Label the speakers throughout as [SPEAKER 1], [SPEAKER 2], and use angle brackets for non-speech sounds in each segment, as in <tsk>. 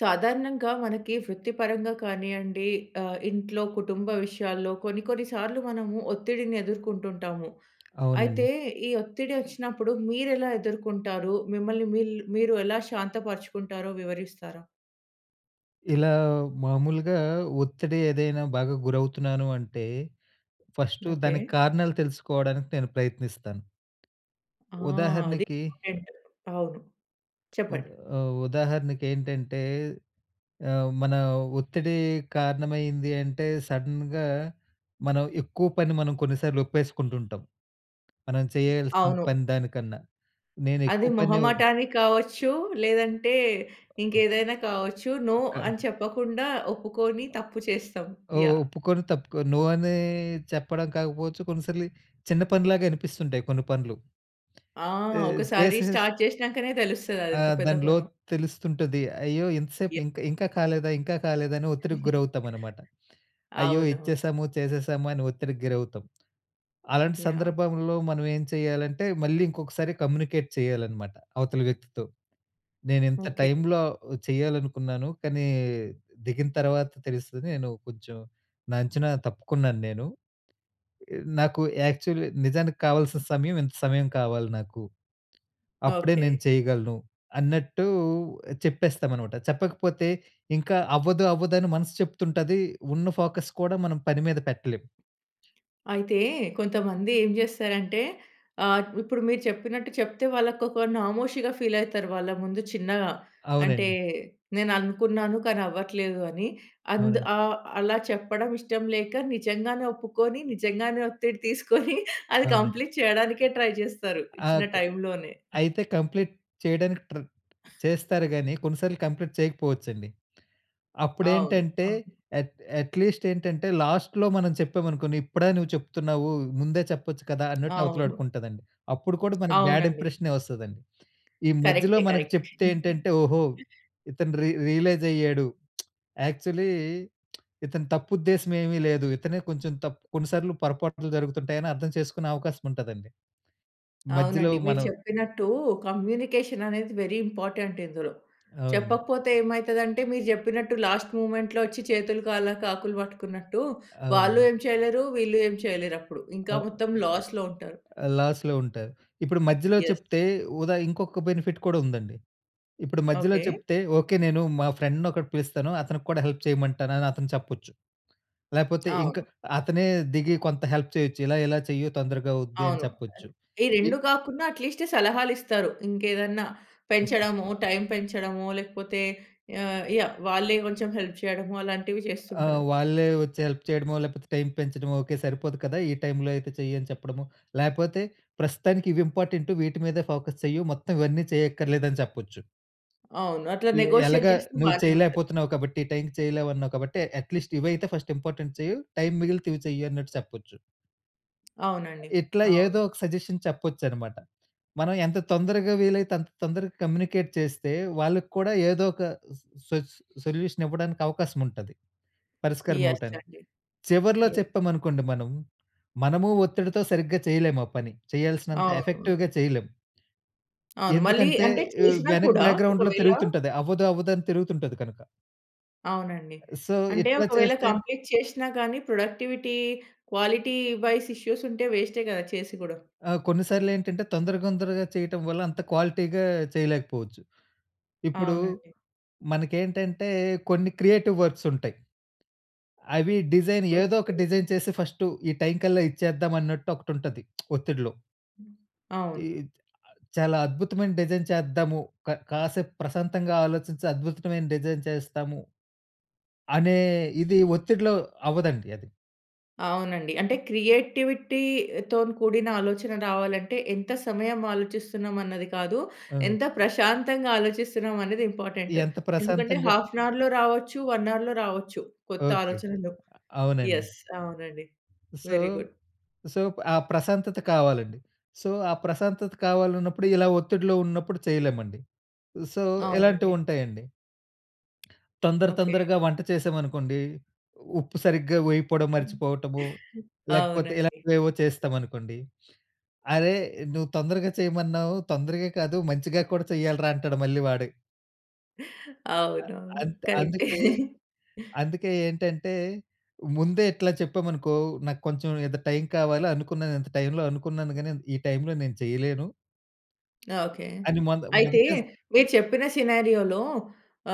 [SPEAKER 1] సాధారణంగా మనకి వృత్తి పరంగా కానియండి, ఆహ్, ఇంట్లో కుటుంబ విషయాల్లో కొన్ని కొన్ని సార్లు మనము ఒత్తిడిని ఎదుర్కుంటుంటాము.
[SPEAKER 2] అవునండి.
[SPEAKER 1] అయితే ఈ ఒత్తిడి వచ్చినప్పుడు మీరు ఎలా ఎదుర్కుంటారు? మిమ్మల్ని మిల్ మీరు ఎలా శాంత పరుచుకుంటారో వివరిస్తారా?
[SPEAKER 2] ఇలా మామూలుగా ఒత్తిడి ఏదైనా బాగా గురవుతున్నాను అంటే ఫస్టు
[SPEAKER 1] ఓకే.
[SPEAKER 2] దానికి కారణాలు తెలుసుకోవడానికి నేను ప్రయత్నిస్తాను.
[SPEAKER 1] ఆ! అది
[SPEAKER 2] ఉదాహరణకి
[SPEAKER 1] ఇంపార్టెంట్ అవును.
[SPEAKER 2] ఉదా
[SPEAKER 1] చెప్పండి.
[SPEAKER 2] ఆహ్, ఉదాహరణకు ఏంటంటే ఆహ్, మన ఒత్తిడి కారణమైంది అంటే సడెన్‌గా మనం ఎక్కువ పని మనం కొన్నిసార్లు ఒప్పేసుకుంటూ ఉంటాం. మనం చేయాల్సిన
[SPEAKER 1] అవును.
[SPEAKER 2] పని దానికన్నా. నేను
[SPEAKER 1] అది
[SPEAKER 2] ఎక్కువ పని
[SPEAKER 1] మొహమాటానికి కావచ్చు. లేదంటే ఇంకేదైనా కావచ్చు. నో
[SPEAKER 2] కాదు.
[SPEAKER 1] అని చెప్పకుండా ఒప్పుకొని తప్పు చేస్తాం.
[SPEAKER 2] ఒ
[SPEAKER 1] యాహ్!
[SPEAKER 2] ఒప్పుకొని తప్పుకోని నో అని చెప్పడం కాకపోవచ్చు. కొన్నిసార్లు చిన్న పనిలాగా అనిపిస్తుంటాయి కొన్ని పనులు.
[SPEAKER 1] ఆ!
[SPEAKER 2] ఈ
[SPEAKER 1] ఒక్కసారి
[SPEAKER 2] దిస్ ఇస్
[SPEAKER 1] స్టార్ట్ చేసినంకనే తెలుస్తది అది
[SPEAKER 2] ఆ!
[SPEAKER 1] ఎంత పెద్ద
[SPEAKER 2] దాని
[SPEAKER 1] పనో.
[SPEAKER 2] లోతు తెలుస్తుంటుంది. అయ్యో! ఇంత సేపు
[SPEAKER 1] యాహ్!
[SPEAKER 2] ఇంకా ఇంకా కాలేదా, ఇంకా కాలేదా అని ఒత్తిడికి
[SPEAKER 1] <giggles>
[SPEAKER 2] గురవుతాం అనమాట. అయ్యో!
[SPEAKER 1] అవునవును.
[SPEAKER 2] ఇచ్చేసాము, చేసేసాము అని ఒత్తిడికి గురవుతాం. అలాంటి
[SPEAKER 1] యాహ్!
[SPEAKER 2] సందర్భంలో మనం ఏం చేయాలంటే మళ్ళీ ఇంకొకసారి కమ్యూనికేట్ చేయాలనమాట అవతలి వ్యక్తితో. "నేను ఇంత
[SPEAKER 1] ఓకే.
[SPEAKER 2] టైమ్‌లో చేయాలనుకున్నాను. కానీ దిగిన తర్వాత తెలుస్తుంది నేను కొంచెం నా అంచనా తప్పుకున్నాను నేను. నాకు యాక్చువలీ నిజానికి కావాల్సిన సమయం ఇంత సమయం కావాలి నాకు. అప్పుడే
[SPEAKER 1] ఓకే.
[SPEAKER 2] నేను చేయగలను" అన్నట్టు చెప్పేస్తాం అన్నమాట. చెప్పకపోతే ఇంకా అవ్వదు అవ్వదు అని మనసు చెప్తుంటది. ఉన్న ఫోకస్ కూడా మనం పని మీద పెట్టలేం.
[SPEAKER 1] అయితే కొంతమంది ఏం చేస్తారంటే ఆహ్, ఇప్పుడు మీరు చెప్పినట్టు చెప్తే వాళ్ళకి ఒక నామోషీగా ఫీల్ అయితారు వాళ్ళ ముందు చిన్నగా. అంటే
[SPEAKER 2] అవునండి.
[SPEAKER 1] "నేను అనుకున్నాను కానీ అవ్వట్లేదు", అని అంద్
[SPEAKER 2] అవునండి.
[SPEAKER 1] ఆహ్, అలా చెప్పడం ఇష్టం లేక నిజంగానే ఒప్పుకొని, నిజంగానే ఒత్తిడి తీసుకొని అది
[SPEAKER 2] అవునండి.
[SPEAKER 1] కంప్లీట్ చేయడానికే ట్రై చేస్తారు ఇచ్చిన
[SPEAKER 2] ఆగ్
[SPEAKER 1] టైమ్‌లోనే.
[SPEAKER 2] అయితే కంప్లీట్ చేయడానికి ట్రె చేస్తారు కానీ కొన్నిసార్లు కంప్లీట్ చేయకపోవచ్చండి.
[SPEAKER 1] అవును.
[SPEAKER 2] అప్పుడేంటంటే
[SPEAKER 1] అవును.
[SPEAKER 2] అట్ అట్లీస్ట్ ఏంటంటే లాస్ట్‌లో మనం చెప్పామనుకోండి "ఇప్పుడా నువ్వు చెప్తున్నావు ముందే చెప్పొచ్చు కదా!" అన్నట్టు
[SPEAKER 1] అవును.
[SPEAKER 2] అవతలాడుకుంటుందండి. అప్పుడు కూడా మనకి బ్యాడ్
[SPEAKER 1] అవునండి.
[SPEAKER 2] ఇంప్రెషనే వస్తదండి. ఈ మధ్యలో
[SPEAKER 1] కరెక్టే.
[SPEAKER 2] మనకు
[SPEAKER 1] కరెక్టే.
[SPEAKER 2] చెప్తే ఏంటంటే "ఓహో!
[SPEAKER 1] <giggles>
[SPEAKER 2] ఇతను రి రియలైజ్ అయ్యాడు. <smacks lips> యాక్చువలీ ఇతని తప్పు ఉద్దేశం ఏమీ లేదు. ఇతనే కొంచెం తప్పు కొన్నిసార్లు పొరపాట్లు జరుగుతుంటాయని", అర్థం చేసుకునే అవకాశం ఉంటదండి. మధ్యలో
[SPEAKER 1] అవునండి. మీరు
[SPEAKER 2] మనం
[SPEAKER 1] చెప్పినట్టు కమ్యూనికేషన్ అనేది వెరీ ఇంపార్టెంట్ ఇందులో.
[SPEAKER 2] అవునండి.
[SPEAKER 1] చెప్పకపోతే ఏమైతది అంటే మీరు చెప్పినట్టు లాస్ట్ మొమెంట్‌లో వచ్చి "చేతులు, కాలాక ఆకులు పట్టుకున్నట్టు" వాళ్ళు
[SPEAKER 2] అవునండి.
[SPEAKER 1] ఏం చేయలేరు. వీళ్ళు ఏం చేయలేరు. అప్పుడు ఇంకా
[SPEAKER 2] ఓహ్!
[SPEAKER 1] మొత్తం లాస్‌లో ఉంటారు.
[SPEAKER 2] ఆ! లాస్‌లో ఉంటారు. ఇప్పుడు మధ్యలో
[SPEAKER 1] యెస్.
[SPEAKER 2] చెప్తే వుదా ఇంకొక బెనిఫిట్ కూడా ఉందండి. ఇప్పుడు మధ్యలో
[SPEAKER 1] ఓకే.
[SPEAKER 2] చెప్తే "ఓకే నేను మా ఫ్రెండ్‌ని ఒకడిని పిలుస్తాను అతనికి కూడా హెల్ప్ చేయమంటాను అని అతను చెప్పొచ్చు". లేకపోతే ఇంకా
[SPEAKER 1] అవును.
[SPEAKER 2] అతనే దిగి కొంత హెల్ప్ చేయొచ్చు. "ఇలా ఇలా చెయ్యు తొందరగా అవుద్ది", అని
[SPEAKER 1] అవును.
[SPEAKER 2] చెప్పొచ్చు.
[SPEAKER 1] అద్ ఈ
[SPEAKER 2] ఈ
[SPEAKER 1] రెండు కాకుండా ఎట్లీస్ట్ సలహాలు ఇస్తారు. ఇంకేదన్నా పెంచడము, టైమ్ పెంచడమో లేకపోతే ఆహ్, యాహ్! వాళ్ళే కొంచెం హెల్ప్ చేయడము అలాంటివి
[SPEAKER 2] ఆ!
[SPEAKER 1] చేస్తుంటారు.
[SPEAKER 2] వాళ్ళే వచ్చి హెల్ప్ చేయడమో లేకపోతే టైమ్ పెంచడమో "ఓకే సరిపోదు కదా! ఈ టైమ్‌లో అయితే చెయి", అని చెప్పడమో లేకపోతే "ప్రస్తుతానికి ఇవి ఇంపార్టెంటు, వీటి మీదే ఫోకస్ చెయు మొత్తం ఇవన్నీ చేయక్కర్లేదు" అని చెప్పొచ్చు.
[SPEAKER 1] అవును. అట్లా
[SPEAKER 2] "ఎ
[SPEAKER 1] నెగోషియేట్
[SPEAKER 2] ఎలాగా
[SPEAKER 1] చేస్తే
[SPEAKER 2] నువ్వు
[SPEAKER 1] బానే ఉంటది.
[SPEAKER 2] చేయలేకపోతున్నావ్. కాబట్టి ఈ టైమ్‌కి చేయలేవన్నావు, కాబట్టి ఎట్లీస్ట్ ఇవి అయితే ఫర్స్ట్ ఇంపార్టెంట్ చెయు. టైమ్ మిగిలితే ఇవి చెయు" అన్నట్టు చెప్పొచ్చు.
[SPEAKER 1] అవునండి.
[SPEAKER 2] ఇట్లా
[SPEAKER 1] అవును.
[SPEAKER 2] ఏదో ఒక సజెషన్ చెప్పొచ్చనమాట. మనం ఎంత తొందరగా వీలైతే అంత తొందరగా కమ్యూనికేట్ చేస్తే, వాళ్ళకి కూడా ఏదో ఒక స్ సొ సొ సొల్యూషన్ ఇవ్వడానికి అవకాశం ఉంటది. పరిస్కారం
[SPEAKER 1] యెస్
[SPEAKER 2] ఇవ్వటానికి.
[SPEAKER 1] అండి.
[SPEAKER 2] చివర్లో
[SPEAKER 1] యెస్.
[SPEAKER 2] చెప్పామనుకోండి మనం, మనము ఒత్తిడితో సరిగ్గా చేయలేం ఆ పని. చేయాల్సినంత ఎఫెక్టివ్‌గా
[SPEAKER 1] అవునవును.
[SPEAKER 2] చేయలేం.
[SPEAKER 1] అవును. మళ్ళీ
[SPEAKER 2] ఎందుకంటే
[SPEAKER 1] అంటే
[SPEAKER 2] ఆహ్,
[SPEAKER 1] చేషినా
[SPEAKER 2] వెనక
[SPEAKER 1] కూడా
[SPEAKER 2] బాక్‌గ్రౌండ్‌లో
[SPEAKER 1] ఒకవేళ
[SPEAKER 2] తిరుగుతుంటది. అవ్వదు అవ్వదు అని తిరుగుతుంటది కనుక.
[SPEAKER 1] అవునండి.
[SPEAKER 2] సో,
[SPEAKER 1] అంటే
[SPEAKER 2] ఇట్లా
[SPEAKER 1] ఒకవేళ
[SPEAKER 2] చేస్తే
[SPEAKER 1] కంప్లీట్ చేష్నా కానీ ప్రొడక్టివిటీ, క్వాలిటీ వైస్ ఇష్యూస్ ఉంటే వేస్టే గదా! చేసి గూడా.
[SPEAKER 2] ఆ! కొన్ని సార్లు ఏంటంటే తొందర, తొందరగా చేయటం వల్ల అంత క్వాలిటీ‌గా చేయలేకపోవచ్చు. ఇప్పుడు,
[SPEAKER 1] అవునండి.
[SPEAKER 2] మనకేంటంటే కొన్ని క్రియేటివ్ వర్క్స్ ఉంటాయి. అవి డిజైన్ ఏదో
[SPEAKER 1] ఓకె.
[SPEAKER 2] ఒక డిజైన్ చేసి ఫస్టు ఈ టైమ్‌కల్లా ఇచ్చేద్దాం అన్నట్టు ఒకటి ఉంటది. <smacks lips> ఒత్తిడిలో. ఈ
[SPEAKER 1] అవును.
[SPEAKER 2] చ్ చాలా అద్భుతమైన డిజైన్ చేద్దాము. క కాసేపు ప్రశాంతంగా ఆలోచించి అద్భుతమైన డిజైన్ చేస్తాము అనే ఇది ఒత్తిడిలో అవ్వదండి అది.
[SPEAKER 1] అవునండి. అంటే క్రియేటివిటీతోని కూడిన ఆలోచన రావాలంటే ఎంత సమయం ఆలోచిస్తున్నాం అన్నది కాదు.
[SPEAKER 2] ఓహ్!
[SPEAKER 1] ఎంత ప్రశాంతంగా ఆలోచిస్తున్నాం అనేది ఇంపార్టెంట్.
[SPEAKER 2] ఎంత
[SPEAKER 1] ఎందుకంటే
[SPEAKER 2] ప్రశాంతంగా
[SPEAKER 1] హాఫ్ అన్ అవర్‌లో రావచ్చు. 1 అవర్‌లో రావచ్చు కొత్త
[SPEAKER 2] ఓకె.
[SPEAKER 1] ఆలోచనలు.
[SPEAKER 2] అవునండి.
[SPEAKER 1] యెస్. అవునండి.
[SPEAKER 2] So,
[SPEAKER 1] very good.
[SPEAKER 2] సో, ఆ ప్రశాంతత కావాలండి. సో, ఆ ప్రశాంతత కావాలన్నప్పుడు ఇలా ఒత్తిడిలో ఉన్నప్పుడు చేయలేమండి. సో,
[SPEAKER 1] అవునండి.
[SPEAKER 2] ఇలాంటివుంటాయండి. <clicks tongue> తొందర,
[SPEAKER 1] ఓకె.
[SPEAKER 2] తొందరగా వంట చేసామనుకోండి. ఉప్పు సరిగ్గా వేయిపోవడం మర్చిపోవటము, లేకపోతే
[SPEAKER 1] అవునండి.
[SPEAKER 2] ఇలాంటివేవో చేస్తామనుకోండి, "అరే నువ్వు తొందరగా చేయమన్నావు, తొందరగా కాదు మంచిగా కూడా చెయ్యాలిరా అంటాడు" మళ్ళీ వాడే. అ
[SPEAKER 1] అవునవును.
[SPEAKER 2] అంత్
[SPEAKER 1] కరెక్టే.
[SPEAKER 2] అందుకే, అందుకే ఏంటంటే, ముందే ఇట్లా చెప్పామనుకో నాకు కొంచెం ఇంత టైమ్ కావాలి అనుకున్నాను. ఇంత టైమ్‌లో అనుకున్నాను గాని ఈ టైమ్‌లో నేను చేయలేను...
[SPEAKER 1] ఓకే.
[SPEAKER 2] అని మొద
[SPEAKER 1] అయితే
[SPEAKER 2] మొదటే స
[SPEAKER 1] మీరు చెప్పిన సినారియో‌లో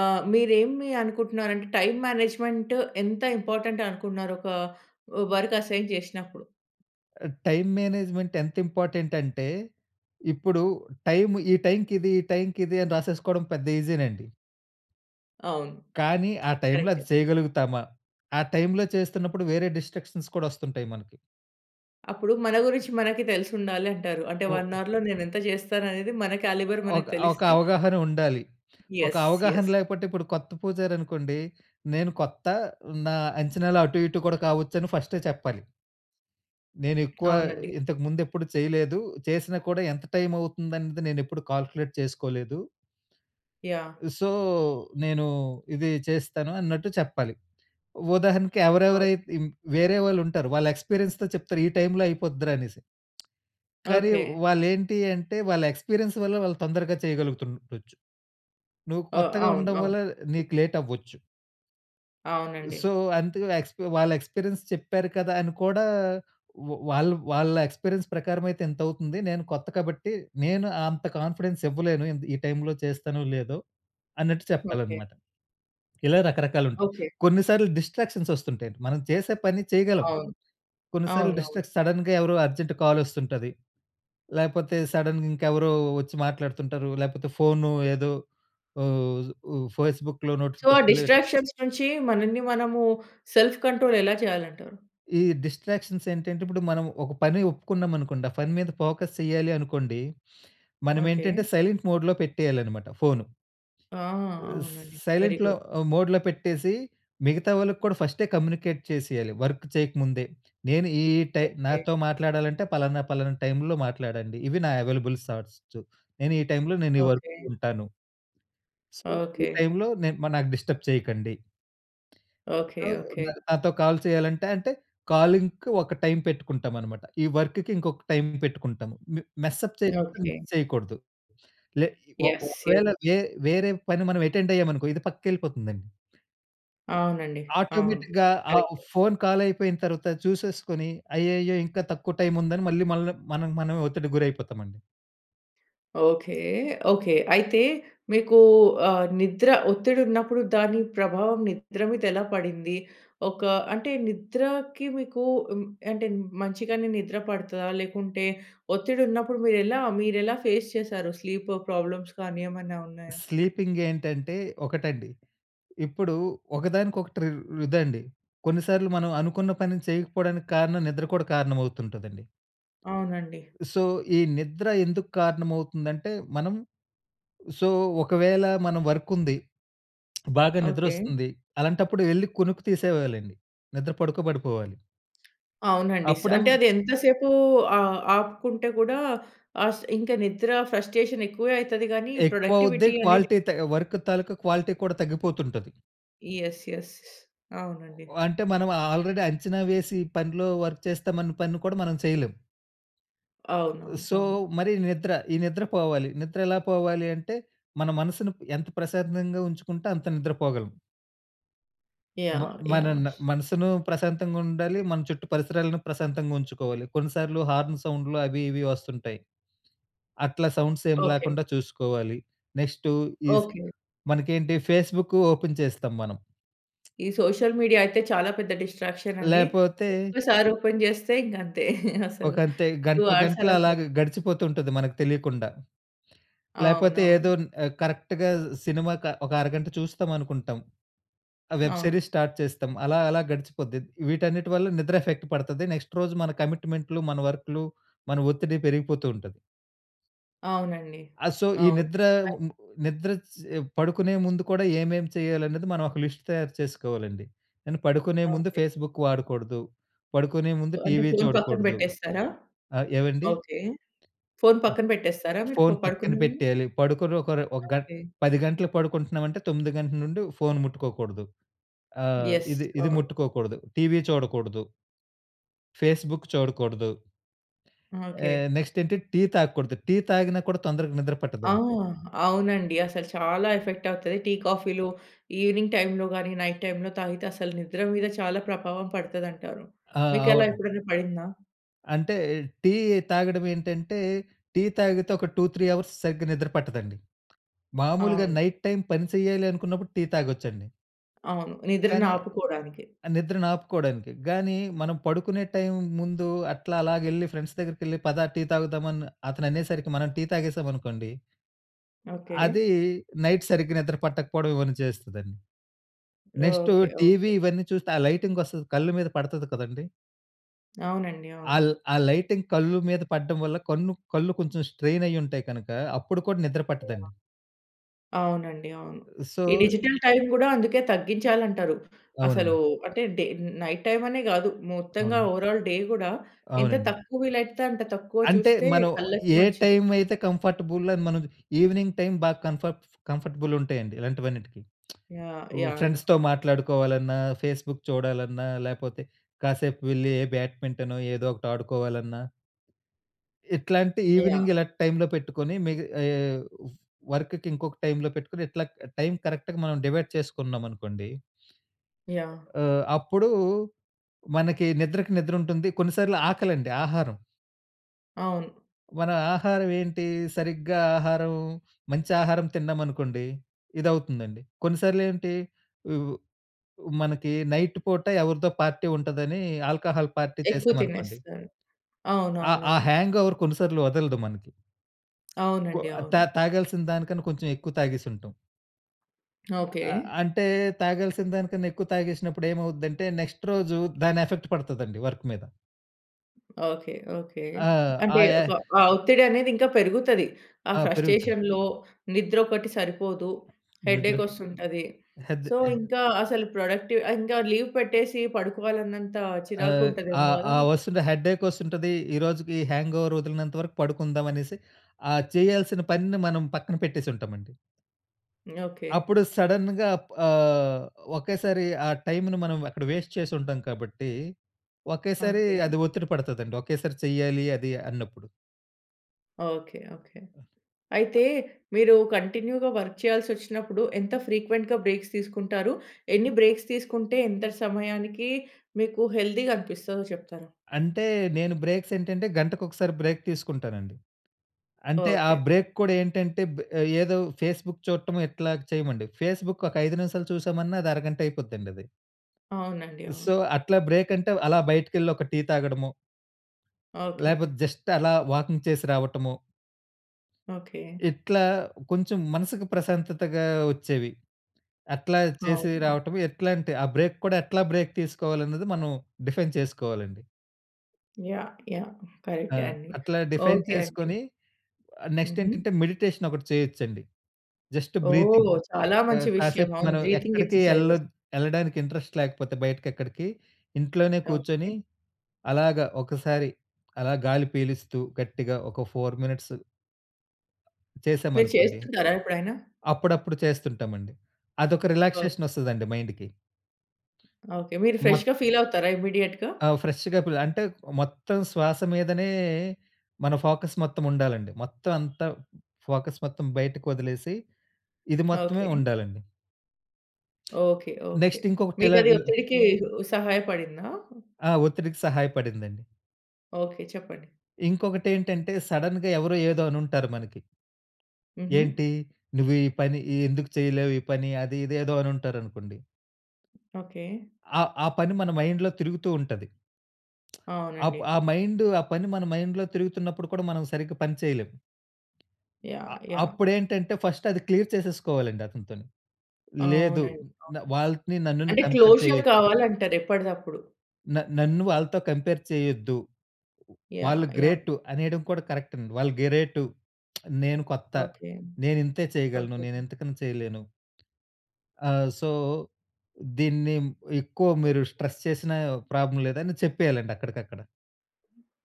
[SPEAKER 1] ఆహ్, మీరు ఏమి అనుకుంటున్నారంటే? టైమ్ మేనేజ్మెంట్ ఎంత ఇంపార్టెంట్ అనుకున్నారు? ఒక వర్క్ అసైన్ చేసినప్పుడు?
[SPEAKER 2] ఆహ్, టైమ్ మేనేజ్మెంట్ ఎంత ఇంపార్టెంట్ అంటే, ఇప్పుడు టైమ్ ఈ టైమ్‌కి ఇది, ఈ టైమకి ఇది, అని రాసేసుకోవడం పెద్ద ఈజీ నండి.
[SPEAKER 1] అవును.
[SPEAKER 2] కానీ, ఆ టైమ్‌లో
[SPEAKER 1] కరెక్టే.
[SPEAKER 2] అది చేయగలుగుతామా? ఆ టైమ్‌లో చేస్తున్నప్పుడు వేరే డిస్ట్ర‌క్షన్స్ కూడా వస్తుంటాయి మనకి.
[SPEAKER 1] అప్పుడు మన గురించి మనకి, తెలిసుండాలి అంటారు. అంటే 1
[SPEAKER 2] ఓహ్!
[SPEAKER 1] అవర్‌లో నేను ఎంత చేస్తాను అనేది, మన క్యాలిబర్
[SPEAKER 2] ఒక,
[SPEAKER 1] మనకి
[SPEAKER 2] ఒక
[SPEAKER 1] తెలిస్తే
[SPEAKER 2] అవగాహన ఉండాలి. ఒక
[SPEAKER 1] యెస్.
[SPEAKER 2] అవగాహన
[SPEAKER 1] యెస్.
[SPEAKER 2] లేకపోతే ఇప్పుడు కొత్త పూజారి అనుకోండి, నేను కొత్త, నా అంచనాలు అటు, ఇటు, కూడా కావచ్చు అని ఫస్టే చెప్పాలి. నేను ఎక్కువా,
[SPEAKER 1] అవునండి.
[SPEAKER 2] ఇంతకు ముందు ఎప్పుడు చేయలేదు. చేసిన కూడా ఎంత టైమ్ అవుతుంది అనేది, నేను ఎప్పుడు కాలుక్యులేట్ చేసుకోలేదు.
[SPEAKER 1] యాహ్!
[SPEAKER 2] సో, నేనూ ఇది చేస్తాను అన్నట్టు చెప్పాలి. ఉదాహరణకి
[SPEAKER 1] ఓకే.
[SPEAKER 2] ఎవరెవరైతే ఇ‌మ్ వేరే వాళ్ళు ఉంటారు. వాళ్ళ ఎక్స్‌పీ‌రియన్స్‌తో చెప్తారు, "ఈ టైమ్‌లో అయిపోద్దిరా" అనేసి. కానీ
[SPEAKER 1] ఓకే.
[SPEAKER 2] వాళ్ళు ఏంటీ అంటే, వాళ్ళ ఎక్స్‌పీ‌రియన్స్ వల్ల వాళ్ళు తొందరగా చేయగలుగుతుండచ్చు. నువు
[SPEAKER 1] ఓహ్!
[SPEAKER 2] కొత్తగా
[SPEAKER 1] అవును.
[SPEAKER 2] ఉండడం
[SPEAKER 1] అవును.
[SPEAKER 2] వల్లా నీకు లేట్ అవ్వచ్చు. సో,
[SPEAKER 1] అవునండి.
[SPEAKER 2] అంతగా ఎక్స్ వాళ్ళ ఎక్స్‌పిరియన్స్ చెప్పారు కదా! అని కూడా వ్ వాళ్ళు వాళ్ళ ఎక్స్‌పిరియన్స్ ప్రకారం అయితే ఇంత అవుతుంది. నేను కొత్త కాబట్టి నేను అంత కాన్ఫిడెన్స్ ఇవ్వలేను ఇంత్ ఈ టైమ్‌లో చేస్తానో లేదో! అన్నట్టు చెప్పాలి
[SPEAKER 1] ఓకె.
[SPEAKER 2] అన్నమాట. <swallows> ఇలా రకరకాలు ఉంటాయి.
[SPEAKER 1] ఓకె.
[SPEAKER 2] కొన్ని సార్లు డిస్‌స్ట్రా‌క్షన్స్ ఒస్తుంటాయి మనం చేసే పని చేయగలం.
[SPEAKER 1] అవును.
[SPEAKER 2] కొన్ని సార్లు
[SPEAKER 1] అవునవును.
[SPEAKER 2] డిస్టక్స్ సడెన్‌గా ఎవరో అర్జెంట్ కాల్ ఒస్తుంటది లేపోతే సడెన్‌ ఇంకెవరో ఒచ్చి మాట్లాడుతుంటారు, లేకపోతే ఫోను ఏదో, ఫేస్‌బుక్‌లో
[SPEAKER 1] సో
[SPEAKER 2] నోటిఫికేషన్‌లు ఎట్
[SPEAKER 1] డిస్ట్రాక్షన్స్ నుంచి మనల్ని మనము సెల్ఫ్ కంట్రోల్ ఎలా చేయాలంటారు?
[SPEAKER 2] ఈ డిస్‌స్ట్రా‌క్షన్స్ ఏంటంటే ఇప్పుడు మనం ఒక పని ఒప్పుకున్నాం అనుకోండి. ఆ పని మీద ఫోకస్ చెయ్యాలి అనుకోండి. మనం
[SPEAKER 1] ఓకె.
[SPEAKER 2] ఏంటంటే సైలెంట్ మోడ్‌లో పెట్టేయాలి అన్నమాట ఫోను.
[SPEAKER 1] ఆ!
[SPEAKER 2] ఆహ్, స్
[SPEAKER 1] అవునండి.
[SPEAKER 2] సైలెంట్‌లో
[SPEAKER 1] వెరీగుడ్.
[SPEAKER 2] ఆహ్, మోడ్‌లో పెట్టేసి మిగతా వాళ్ళకి కూడా ఫస్టే కమ్యూనికేట్ చేసేయాలి వర్క్ చేయక ముందే. "నేను ఈ ఈ టై
[SPEAKER 1] ఓకె.
[SPEAKER 2] నాతో మాట్లాడాలంటే పలానా, పలానా టైమ్‌లో మాట్లాడండి. ఇవి నా అవైలబుల్ స్లాట్సు. నేను ఈ టైమ్‌లో నేను ఈ వర్క్
[SPEAKER 1] ఓకె.
[SPEAKER 2] ఉంటాను." "So,
[SPEAKER 1] okay.
[SPEAKER 2] ఈటైమ్‌లో నె నాకు డిస్టర్బ్ చేయకండి."
[SPEAKER 1] ఓకె.
[SPEAKER 2] సో, న
[SPEAKER 1] ఓకె.
[SPEAKER 2] నాతో కాల్ చేయాలంటే అంటే కాలింగ్‌కి ఒక టైమ్ పెట్టుకుంటాం అన్నమాట. ఈ వర్క్‌కి ఇంకొక టైమ్ పెట్టుకుంటాము. మె మెస్ అప్ చేయకుండా <unintelligible> మిస్
[SPEAKER 1] ఓకె.
[SPEAKER 2] చేయకూడదు. లె ఒక్
[SPEAKER 1] యస్. య
[SPEAKER 2] ఒకవేల వె వేరే పని మనం అటెండ్ అయ్యాము అనుకో ఇది పక్కకి ఎళ్ళిపోతుంది అండి.
[SPEAKER 1] అవునండి. అవును.
[SPEAKER 2] ఆటోమేటిక్‌గా ఆ
[SPEAKER 1] కరెక్టే.
[SPEAKER 2] ఫోన్ కాల్ అయిపోయిన తరువాత చూసేసుకొని. అయ్యయ్యో! ఇంకా తక్కువ టైమ్ ఉందని, మళ్ళి మళ్ళ మనకి మనమే ఒత్తిడికి గురైపోతాం అండి.
[SPEAKER 1] ఓకె. ఓకె. అయితే మీకు ఆహ్, నిద్ర ఒత్తిడి ఉన్నప్పుడు, దాని ప్రభావం నిద్ర మీద ఎలా పడింది. ఒక అంటే, నిద్రకి మీకు హ్మ్, అంటే మంచిగానే నిద్ర పడతాద? లేకుంటే ఒత్తిడి ఉన్నప్పుడు మీరు ఎలా, మీరు ఎలా ఫేస్ చేసారు? స్లీప్ ప్రాబ్లమ్స్ కానీ ఏమైనా ఉన్నాయా?
[SPEAKER 2] స్లీపింగ్ ఏంటంటే, ఒకటండి. ఇప్పుడు ఒకదానికొకటి రు ఇదండి. కొన్ని సార్లు మనం అనుకున్న పని చేయకపోవడానికి కారణం, నిద్ర కూడా కారణం అవుతుంటదండి...
[SPEAKER 1] అవునండి.
[SPEAKER 2] సో, ఈ నిద్ర ఎందుకు కారణమవుతుందంటే మనం సో, ఒకవేళ మనం వర్క్ ఉంది. <sucks teeth> బాగా
[SPEAKER 1] ఓకె.
[SPEAKER 2] నిద్రొస్తుంది. అలాంటప్పుడు ఎళ్లి కునుకు తీసేయాలండి. నిద్ర పడుకోబడిపోవాలి.
[SPEAKER 1] అవునండి. స్
[SPEAKER 2] అప్పుడేమో
[SPEAKER 1] అంటే అది ఎంత సేపు ఆహ్, ఆపుకుంటే కూడా ఆహ్, స్ ఇంకా నిద్ర ఫ్రస్ట్రేషన్ ఎక్కువే అయితది కానీ,
[SPEAKER 2] ఎక్కువ అవుద్ది.
[SPEAKER 1] ప్రొడక్టివిటీ అనేది
[SPEAKER 2] క్వాలిటీ త ఆహ్, వర్క్ తాలూకా క్వాలిటీ కూడా తగ్గిపోతుంటది.
[SPEAKER 1] యెస్. యెస్. స్ అవునండి.
[SPEAKER 2] ఓహ్! అంటే మనం ఆల్రెడీ అంచనా వేసి, పనిలో వర్క్ చేస్తామన్న పని కూడా మనం చేయలేం.
[SPEAKER 1] అవునవును.
[SPEAKER 2] సో
[SPEAKER 1] అవును.
[SPEAKER 2] మరి నిద్ర. ఈ నిద్ర పోవాలి. నిద్ర ఎలా పోవాలి అంటే మన మనసుని ఎంత ప్రశాంతంగా ఉంచుకుంటే అంత నిద్ర పోగలం. మ
[SPEAKER 1] యాహ్! యాహ్!
[SPEAKER 2] మనన మనసును ప్రశాంతంగా ఉండాలి. మన చుట్టూ పరిసరాలను ప్రశాంతంగా ఉంచుకోవాలి. కొన్నిసార్లు హార్న్ సౌండ్‌లు అవి ఇవి వస్తుంటాయి. అట్లా సౌండ్స్ ఏమి
[SPEAKER 1] ఓకె.
[SPEAKER 2] లేకుండా చూసుకోవాలి. Next is
[SPEAKER 1] okay.
[SPEAKER 2] మనకేంటి ఫేస్‌బుక్ ఓపెన్ చేస్తాం మనం.
[SPEAKER 1] ఈ సోషల్ మీడియా అయితే చాలా పెద్ద డిస్ట్రాక్షన్ అండి.
[SPEAKER 2] లేపోతే
[SPEAKER 1] ఒక్కసారి ఓపెన్ జేస్తే ఇంగ అంతే <laughs>
[SPEAKER 2] ఒక
[SPEAKER 1] అసలు
[SPEAKER 2] అంతే.
[SPEAKER 1] 2
[SPEAKER 2] గంటలు
[SPEAKER 1] హార్స్
[SPEAKER 2] గంటలు
[SPEAKER 1] అలా
[SPEAKER 2] అలాగే గడిచిపోతూ ఉంటది మనకు తెలియకుండా. లేపోతే ఏదో
[SPEAKER 1] అవునవును.
[SPEAKER 2] కరెక్ట్‌గా సినిమా ఒక అరగంట చూస్తాం అనుకుంటాం. ఆ వెబ్
[SPEAKER 1] అవును.
[SPEAKER 2] సీరీస్ స్టార్ట్ చేస్తాం. అలా అలా గడిచిపోద్ది. వీటన్నిటి వల్ల నిద్ర ఎఫెక్ట్ పడతది. నెక్స్ట్ రోజు మన కమిట్మెంట్‌లు మన వర్క్‌లు మన ఒత్తిడి పెరిగిపోతూ ఉంటది.
[SPEAKER 1] అవునండి.
[SPEAKER 2] ఆహ్. సో ఈ
[SPEAKER 1] అవును.
[SPEAKER 2] నిద్ర నిద్ర పడుకునే ముందు కూడా ఏమేం చేయాలనేది మనం ఒక లిస్ట్ తయారు చేసుకోవాలండి. నేను పడుకునే ముందు
[SPEAKER 1] ఓకె.
[SPEAKER 2] ఫేస్‌బుక్ వాడకూడదు. పడుకునే ముందు
[SPEAKER 1] అంటే
[SPEAKER 2] టీవీ
[SPEAKER 1] ఫోన్ పక్కన
[SPEAKER 2] చూడకూడదు.
[SPEAKER 1] పెట్టేస్తారా?
[SPEAKER 2] ఆహ్. ఏవండీ?
[SPEAKER 1] ఓకె. ఫోన్ పక్కన పెట్టేస్తారా మీరు
[SPEAKER 2] ఫోన్ పక్కన
[SPEAKER 1] పడుకునే ముందు?
[SPEAKER 2] పెట్టేయాలి. పడుకుని ఒక ఒక గం
[SPEAKER 1] ఓకె.
[SPEAKER 2] 10 గంటలకి పడుకుంటున్నాం అంటే 9 గంటల నుండి ఫోన్ ముట్టుకోకూడదు. ఆహ్.
[SPEAKER 1] యెస్.
[SPEAKER 2] ఇది ఇది
[SPEAKER 1] ఆ!
[SPEAKER 2] ముట్టుకోకూడదు. టీవీ చూడకూడదు. ఫేస్‌బుక్ చూడకూడదు.
[SPEAKER 1] ఓకె
[SPEAKER 2] ఆహ్. నెక్స్ట్ ఏంటి? టీ తాగకూడదు. టీ తాగినా కూడా తొందరగా నిద్ర
[SPEAKER 1] ఆ!
[SPEAKER 2] పట్టదండి.
[SPEAKER 1] అవునండి. అసలు చాలా ఎఫెక్ట్ అవుతది. టీ కాఫీలు ఈవినింగ్ టైమ్‌లో గాని నైట్ టైమ్‌లో తాగితే అసలు నిద్ర మీద చాలా ప్రభావం పడతదంటారు.
[SPEAKER 2] ఆ!
[SPEAKER 1] మీకు అలా
[SPEAKER 2] అవును.
[SPEAKER 1] ఎప్పుడైనా పడిందా?
[SPEAKER 2] అంటే, టీ తాగడం ఏంటంటే, టీ తాగితే, ఒక 2, 3 అవర్స్ సరిగ్గా నిద్ర పట్టదండి. మామూలుగా
[SPEAKER 1] అవును.
[SPEAKER 2] నైట్ టైమ్ పని సెయ్యాలి అనుకున్నప్పుడు టీ తాగొచ్చండి.
[SPEAKER 1] అవును. నిద్రని
[SPEAKER 2] కానీ
[SPEAKER 1] ఆపుకోవడానికి.
[SPEAKER 2] ఆ నిద్రని ఆపుకోవడానికి. గాని, మనం పడుకునే టైం ముందు అట్లా అలాగ ఎళ్లి ఫ్రెండ్స్ దగ్గరికెళ్ళి "పద టీ తాగుదాం" అని, అతను అనేసరికి మనం టీ తాగేసామనుకోండి...
[SPEAKER 1] ఓకే.
[SPEAKER 2] అది నైట్ సరిగ్గా నిద్ర పట్టకపోవడం ఇవన్నీ చేస్తదండి. Next
[SPEAKER 1] okay,
[SPEAKER 2] TV
[SPEAKER 1] okay.
[SPEAKER 2] ఇవన్నీ చూస్తే ఆ లైటింగ్ వస్తది కళ్ళ మీద పడతది కదండీ.
[SPEAKER 1] అవునండి.
[SPEAKER 2] ఆ ల్
[SPEAKER 1] అవును.
[SPEAKER 2] ఆ లైటింగ్ కళ్ళు మీద పడడం వల్ల కన్ను కళ్ళు కొంచెం స్ట్రైన్ అయ్యి ఉంటాయి కనుక, అప్పుడు కూడా నిద్ర
[SPEAKER 1] <unintelligible>
[SPEAKER 2] పట్టదండి.
[SPEAKER 1] అవునండి, అవును.
[SPEAKER 2] సో
[SPEAKER 1] ఈ డిజిటల్ టైమ్ గూడా అందుకే తగ్గించాలి అంటారు. అసలు
[SPEAKER 2] అవునండి.
[SPEAKER 1] అంటే డే నైట్ టైమ్ అనే గాదు. మొత్తంగా
[SPEAKER 2] అవును.
[SPEAKER 1] ఓవరాల్ డే కూడా ఎంత
[SPEAKER 2] అవునండి.
[SPEAKER 1] తక్కువ వీలైతే అంత తక్కువ
[SPEAKER 2] అంటే
[SPEAKER 1] చూస్తే
[SPEAKER 2] మనం
[SPEAKER 1] కళ్ళకి
[SPEAKER 2] ఏ
[SPEAKER 1] మంచిది.
[SPEAKER 2] టైమ్ అయితే కంఫర్టబుల్ అని, మనం ఈవినింగ్ టైమ్ బాగా కంఫర్ట్ కంఫర్టబుల్ ఉంటాయండి ఇలాంటివన్నిటికి.
[SPEAKER 1] యాహ్!
[SPEAKER 2] <tsk>
[SPEAKER 1] యాహ్! యాహ్!
[SPEAKER 2] ఫ్రెండ్స్‌తో మాట్లాడుకోవాలన్నా, ఫేస్‌బుక్ చూడాలన్నా, లేకపోతే కాసేపు వెళ్ళి ఏ బ్యాట్‌మెంటనో ఏదో ఒకటి ఆడుకోవాలన్నా... ఇట్లాంటి
[SPEAKER 1] యాహ్!
[SPEAKER 2] ఈవినింగ్ ఇలా టైమ్‌లో పెట్టుకొని మిగ <unintelligible> వర్క్‌‌కి ఇంకొక టైమ్‌లో పెట్టుకొని, ఇట్లా టైమ్ కరెక్ట్‌గా మనం డివైడ్ చేసుకున్నాం అనుకోండి...
[SPEAKER 1] యాహ్!
[SPEAKER 2] ఆహ్, అప్పుడు మనకి నిద్రకి నిద్ర ఉంటుంది, కొన్ని సార్లు ఆకలండి ఆహారం.
[SPEAKER 1] అవును.
[SPEAKER 2] మన ఆహారం ఏంటి? సరిగ్గా ఆహారం, మంచి ఆహారం తిన్నామనుకోండి. ఇదవుతుందండి. కొన్నిసార్లు ఏంటి ఉ మనకి నైట్ పూట ఎవరిదో పార్టీ ఉంటదని ఆల్కహాల్ పార్టీ
[SPEAKER 1] ఎక్కువ
[SPEAKER 2] చేశామనుకోండి.
[SPEAKER 1] తినేస్తారు.
[SPEAKER 2] ఆ!
[SPEAKER 1] అవునవునవును.
[SPEAKER 2] ఆ హ్యాంగోవర్ కొన్ని సార్లు వదలదు మనకి. కో
[SPEAKER 1] అవునండి.
[SPEAKER 2] అది తా
[SPEAKER 1] అవును.
[SPEAKER 2] తాగాల్సిన దానికన్నా కొంచెం ఎక్కువ తాగేసి ఉంటాం.
[SPEAKER 1] ఓకే.
[SPEAKER 2] ఆ! అ అంటే, తాగాల్సిన దానికన్నా ఎక్కువ తాగేసినప్పుడు ఏమవుద్దంటే, నెక్స్ట్ రోజు దాని ఎఫెక్ట్ పడుతదండి వర్క్ మీద.
[SPEAKER 1] ఓకే. ఓకే.
[SPEAKER 2] ఆ!
[SPEAKER 1] అంటే
[SPEAKER 2] ఆయే
[SPEAKER 1] ఒక ఆహ్, ఒత్తిడి అనేది ఇంకా పెరుగుతది. ఆ
[SPEAKER 2] ఆ! పెరుగుతుది.
[SPEAKER 1] ఫ్రస్ట్రేషన్‌లో నిద్ర ఒకటి సరిపోదు,
[SPEAKER 2] నిద్ర.
[SPEAKER 1] హెడ్‌ఏక్ వస్తుంటది.
[SPEAKER 2] అదే.
[SPEAKER 1] సో ఇంకా అసలు ప్రొడక్టివ్ ఇంకా లీవ్ పెట్టేసి పడుకోవాలి అన్నంత
[SPEAKER 2] ఆ!
[SPEAKER 1] చిరాకుగ ఉంటది
[SPEAKER 2] ఆ
[SPEAKER 1] ఏమో కదా!
[SPEAKER 2] ఆ
[SPEAKER 1] మీకు?
[SPEAKER 2] వస్తుది. హెడ్‌ఏక్ వస్తుంటది. ఈ రోజుకి హ్యాంగోవర్ వదిలినంత వరకు పడుకుందాం అనేసి, ఆ చేయాల్సిన పనిని మనం పక్కన పెట్టేసి ఉంటాం అండి.
[SPEAKER 1] ఓకే.
[SPEAKER 2] అప్పుడు సడెన్‌గా అప్ ఆహ్, ఒకేసారి ఆ టైమ్‌ను మనం అక్కడ వేస్ట్ చేసి ఉంటాం కాబట్టి, ఒకేసారి
[SPEAKER 1] ఓకే.
[SPEAKER 2] అది ఒత్తిడి పడతాదండి. ఒకేసారి చెయ్యాలి అది అన్నప్పుడు.
[SPEAKER 1] ఓకే. ఓకే. అయితే మీరు కంటిన్యూ‌గా వర్క్ చేయాల్సి వచ్చినప్పుడు, ఎంత ఫ్రీక్వెంట్‌గా బ్రేక్స్ తీసుకుంటారు? ఎన్ని బ్రేక్స్ తీసుకుంటే ఎంత సమయానికి మీకు హెల్ది‌గా అనిపిస్తాదో చెప్తారా?
[SPEAKER 2] అంటే నేను బ్రేక్స్ ఏంటంటే, గంటకొకసారి బ్రేక్ తీసుకుంటానండి. అంటే ఆ
[SPEAKER 1] ఓకే.
[SPEAKER 2] బ్రేక్ కూడా ఏంటంటే బె ఏదో ఫేస్‌బుక్ చూట్టము ఇట్లాగ చేయమండి. ఫేస్‌బుక్ ఒక 5 నిమిషాలు, చూసామన్నా అది అరగంట అయిపోద్దండి అది.
[SPEAKER 1] అవునండి.
[SPEAKER 2] సో,
[SPEAKER 1] అవును.
[SPEAKER 2] అట్లా బ్రేక్ అంటే, అలా బయటికెళ్ళి ఒక టీ తాగడము.
[SPEAKER 1] ఓకే.
[SPEAKER 2] లేపోతే, జస్ట్ అలా వాకింగ్ చేసి రావటము.
[SPEAKER 1] ఓకే.
[SPEAKER 2] ఇట్లా, కొంచెం మనసుకు ప్రశాంతతగా వచ్చేవి. అట్లా చేసి
[SPEAKER 1] అవు‌నా?
[SPEAKER 2] రావటం, ఏట్లాంటే ఆ బ్రేక్ కూడా ఎట్లా బ్రేక్ తీసుకోవాలి అన్నది, మనం డిఫైన్ చేసుకోవాలండి.
[SPEAKER 1] యాహ్! యాహ్!
[SPEAKER 2] ఆ!
[SPEAKER 1] కరె‌క్టే అండి.
[SPEAKER 2] అట్లా డిఫైన్
[SPEAKER 1] ఓకే అండి.
[SPEAKER 2] చేసుకొని, నెక్స్ట్
[SPEAKER 1] హుహు.
[SPEAKER 2] ఏంటంటే, మెడిటేషన్ ఒకటి చేయొచ్చండి. జస్ట్
[SPEAKER 1] ఓహ్!
[SPEAKER 2] బ్రీతింగ్.
[SPEAKER 1] చాలా
[SPEAKER 2] ఆ!
[SPEAKER 1] మంచి విషయం.
[SPEAKER 2] కాసేపు
[SPEAKER 1] అవును,
[SPEAKER 2] మనం
[SPEAKER 1] బ్రీతింగ్
[SPEAKER 2] ఎక్కడికి
[SPEAKER 1] ఎక్సర్సైజెస్.
[SPEAKER 2] ఏళ్ళోద్ ఏళ్ళడానికి ఇంట్రెస్ట్ లేకపోతే బయటకెక్కడికి, ఇంట్లోనే కూర్చొని
[SPEAKER 1] ఓకే.
[SPEAKER 2] అలాగా ఒకసారి, అలా గాలి పీలుస్తూ గట్టిగా ఒక 4 మినిట్స్.
[SPEAKER 1] మీరు
[SPEAKER 2] చేశామనుకోండి.
[SPEAKER 1] చేస్తుంటారా ఎప్పుడైనా?
[SPEAKER 2] అప్పుడప్పుడు చేస్తుంటామండి. అదొక
[SPEAKER 1] ఓహ్!
[SPEAKER 2] రిలాక్సేషన్ వస్తదండి మైండ్‌కి.
[SPEAKER 1] ఓకే. మీరు
[SPEAKER 2] మొత
[SPEAKER 1] ఫ్రెష్‌గా ఫీల్ అవుతారా ఇమ్మీడియేట్‌గా?
[SPEAKER 2] ఆ! ఫ్రెష్‌గా ఇప్పుడు అంటే మొత్తం శ్వాస మీదనే మన ఫోకస్ మొత్తం ఉండాలండి. మొత్తం అంతా ఫోకస్ మొత్తం బయటకు వదిలేసి ఇది మొత్తమే
[SPEAKER 1] ఓకే.
[SPEAKER 2] ఉండాలండి.
[SPEAKER 1] ఓకే. ఓకే.
[SPEAKER 2] నెక్స్ట్ ఇంకొకటి ఇలా
[SPEAKER 1] మీకది ఒత్తిడికి సహాయ పడిందా?
[SPEAKER 2] ఆ! ఒత్తిడికి సహాయపడిందండి.
[SPEAKER 1] ఓకే. చెప్పండి.
[SPEAKER 2] ఇంకొకటేంటంటే సడన్‌గా ఎవరో, ఏదో అనుంటారు మనకి.
[SPEAKER 1] హుహు.
[SPEAKER 2] ఏంటి? నువ్వు ఈ పని ఎందుకు చెయ్యలేవు ఈ పని? అది ఇదేదో అని ఉంటారనుకోండి
[SPEAKER 1] ఓకే.
[SPEAKER 2] ఆ ఆ పని మన మైండ్‌లో తిరుగుతూ ఉంటది. <smacks lips> ఆ ప్
[SPEAKER 1] అవునండి.
[SPEAKER 2] ఆ మైండ్ ఆ పని మన మైండ్‌లో తిరుగుతున్నప్పుడు కూడా మనం సరిగ్గా పని చేయలేం. అ
[SPEAKER 1] యాహ్! యాహ్!
[SPEAKER 2] అప్పుడు ఏంటంటే ఫస్ట్ అది క్లియర్ చేసేసుకోవాలండి అతనితోని. లేదు
[SPEAKER 1] అవునండి. అవును.
[SPEAKER 2] న్ వాళ్ళని నన్ను
[SPEAKER 1] అంటే
[SPEAKER 2] కంపేర్
[SPEAKER 1] క్లోషర్
[SPEAKER 2] జేయొద్దు...
[SPEAKER 1] గావాలంటారు ఎప్పటిదప్పుడు.
[SPEAKER 2] న నన్ను వాళ్ళతో కంపేర్ చేయొద్దు.
[SPEAKER 1] యాహ్!
[SPEAKER 2] వాళ్ళు
[SPEAKER 1] యాహ్!
[SPEAKER 2] గ్రేటు అనేయడం కూడా కరెక్ట్ అండి. వాళ్ళు గ్రేటు. <smacks lips> నేను కొత్త.
[SPEAKER 1] ఓకే.
[SPEAKER 2] నేనింతే చేయగలను.
[SPEAKER 1] ఓకే.
[SPEAKER 2] నేనింతకన్నా చేయలేను. ఆ! సో, దీన్ని ఎక్కువ మీరు స్ట్రెస్ చేసిన ప్రాబ్లమ్ లేదని చెప్పేయాలండి అక్కడికక్కడ.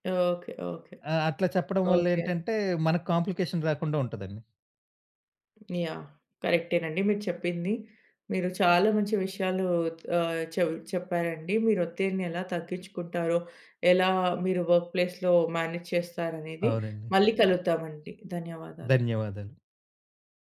[SPEAKER 1] ఓకే. ఓకే.
[SPEAKER 2] ఆ! అట్లా చెప్పడం
[SPEAKER 1] ఓకే.
[SPEAKER 2] వల్లేంటంటే మనకు కాంప్లికేషన్ రాకుండా ఉంటదండి.
[SPEAKER 1] యాహ్! కరెక్టేనండి మీరు చెప్పింది. మీరు చాలా మంచి విషయాలు ఆహ్, చె చెప్పారండి. మీరు ఒత్తిడిని ఎలా తగ్గిచ్చుకుంటారో, ఎలా మీరు వర్క్‌ప్లేస్‌లో మ్యానేజ్ చేస్తారనేది
[SPEAKER 2] అవునండి.
[SPEAKER 1] మళ్ళీ కలుద్దామండి. ధన్యవాదాలు.
[SPEAKER 2] ధన్యవాదాలు.